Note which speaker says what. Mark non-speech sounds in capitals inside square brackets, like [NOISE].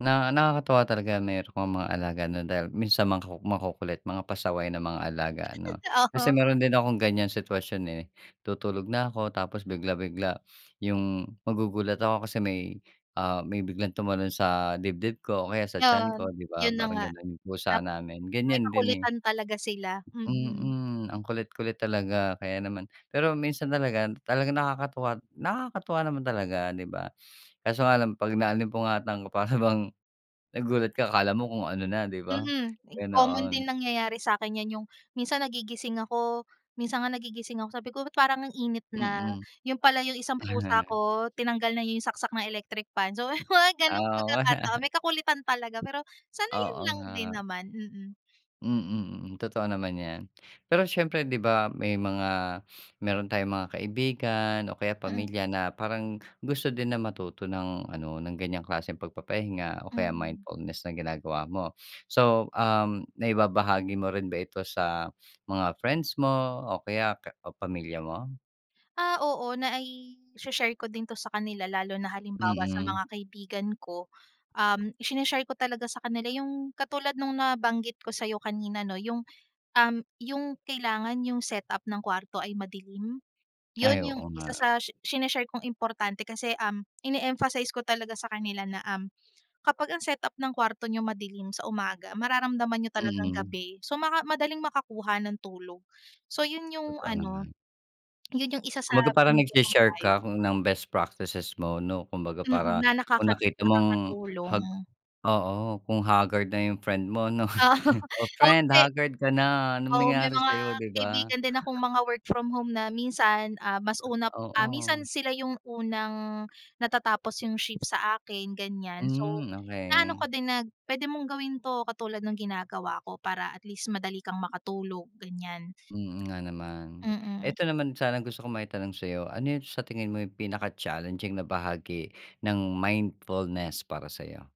Speaker 1: Na nakakatuwa talaga meron kang mga alaga, 'no, dahil minsan mga maku makukulit, mga pasaway ng mga alaga, ano?
Speaker 2: O
Speaker 1: Kasi
Speaker 2: ho.
Speaker 1: meron din akong ganyan sitwasyon, eh, tutulog na ako tapos bigla bigla, 'yung, magugulat ako kasi may, ah, may biglang tumalon sa dibdib ko o kaya sa tiyan
Speaker 2: 'Yon,
Speaker 1: ko, di ba?
Speaker 2: 'yun na
Speaker 1: Parang
Speaker 2: nga.
Speaker 1: ganun, 'yung pusa
Speaker 2: Tapo
Speaker 1: namin
Speaker 2: may
Speaker 1: ganyan din, eh.
Speaker 2: kakulitan talaga sila, mm.
Speaker 1: Mm. Ang kulit-kulit talaga kaya naman pero minsan talaga, talagang nakakatuwa nakakatuwa naman talaga, 'di ba? Kaso nga lang, pag naalimpungatan para bang nagulat ka akala mo kung ano na, 'di ba?
Speaker 2: Mm. Ek common din
Speaker 1: Ganoon.
Speaker 2: nangyayari sa akin 'yan, 'yung minsan nagigising ako minsan nga nagigising ako sabi ko, "Ba't parang ang init na?"
Speaker 1: Mm.
Speaker 2: 'yun pala 'yung isang pusa
Speaker 1: [CHUCKLES]
Speaker 2: ko, tinanggal na 'yung saksak na electric fan. So, 'yong mga ganong
Speaker 1: Ah, we.
Speaker 2: pagkakataon
Speaker 1: [CHUCKLES]
Speaker 2: may kakulitan talaga, pero sanayan
Speaker 1: Oo,
Speaker 2: lang din
Speaker 1: nga.
Speaker 2: naman, mm
Speaker 1: Mm, mm. Totoo naman 'yan. Pero siyempre, 'di ba, may mga meron tayong mga kaibigan o kaya
Speaker 2: Mm.
Speaker 1: pamilya na parang gusto din na matuto ng ano ng ganyang klaseng pagpapahinga o kaya
Speaker 2: Mm.
Speaker 1: mindfulness na ginagawa mo. So, um, naibabahagi mo rin ba ito sa mga friends mo o kaya ka o pamilya mo?
Speaker 2: Ah, oo, nai-shi-share ko din 'to sa kanila lalo na halimbawa sa
Speaker 1: Mm.
Speaker 2: mga kaibigan ko. Um, shi-ne-share ko talaga sa kanila 'yung katulad nung nabanggit ko sa'yo kanina, 'no, 'yung, um, 'yung kailangan 'yung setup ng kwarto ay madilim. 'Yun,
Speaker 1: Ay,
Speaker 2: 'yung
Speaker 1: oo
Speaker 2: isa
Speaker 1: nga.
Speaker 2: sa shi sine-share kong importante kasi, um, ine-emphasize ko talaga sa kanila na, um, kapag ang setup ng kwarto niyo madilim sa umaga, mararamdaman ninyo talagang
Speaker 1: Mm.
Speaker 2: gabi, so maka madaling makakuha ng tulog. So 'yun 'yung
Speaker 1: Totoo
Speaker 2: ano,
Speaker 1: naman.
Speaker 2: [SWALLOWS] 'yun 'yung isa sa
Speaker 1: Kumbaga parang
Speaker 2: bibigay kong
Speaker 1: nagshi-share
Speaker 2: payo.
Speaker 1: ka ng best practices mo, 'no. Kumbaga,
Speaker 2: Mm,
Speaker 1: para
Speaker 2: na
Speaker 1: kung
Speaker 2: nakakat
Speaker 1: nakita mong hag
Speaker 2: nakakatulong.
Speaker 1: oo, kung haggard na 'yung friend mo 'no,
Speaker 2: Oo,
Speaker 1: "Oh,
Speaker 2: oh
Speaker 1: friend,
Speaker 2: kasi
Speaker 1: haggard ka na anong
Speaker 2: oo may
Speaker 1: nangyari
Speaker 2: mga
Speaker 1: sa'yo?" 'Di ba?
Speaker 2: kaibigan din akong mga work from home na minsan, ah, mas una ah,
Speaker 1: Oo.
Speaker 2: minsan sila 'yung unang natatapos 'yung shift sa akin, ganyan. So,
Speaker 1: Hmm,
Speaker 2: naano
Speaker 1: okey.
Speaker 2: ko din na pwede mong gawin to katulad ng ginagawa ko para at least madali kang makatulog, ganyan.
Speaker 1: Mm, nga naman.
Speaker 2: Mm.
Speaker 1: Eto, naman sanang gusto kong maitanong sa'yo, ano 'yung sa tingin mo 'yung pinaka-challenging na bahagi ng mindfulness para sa'yo?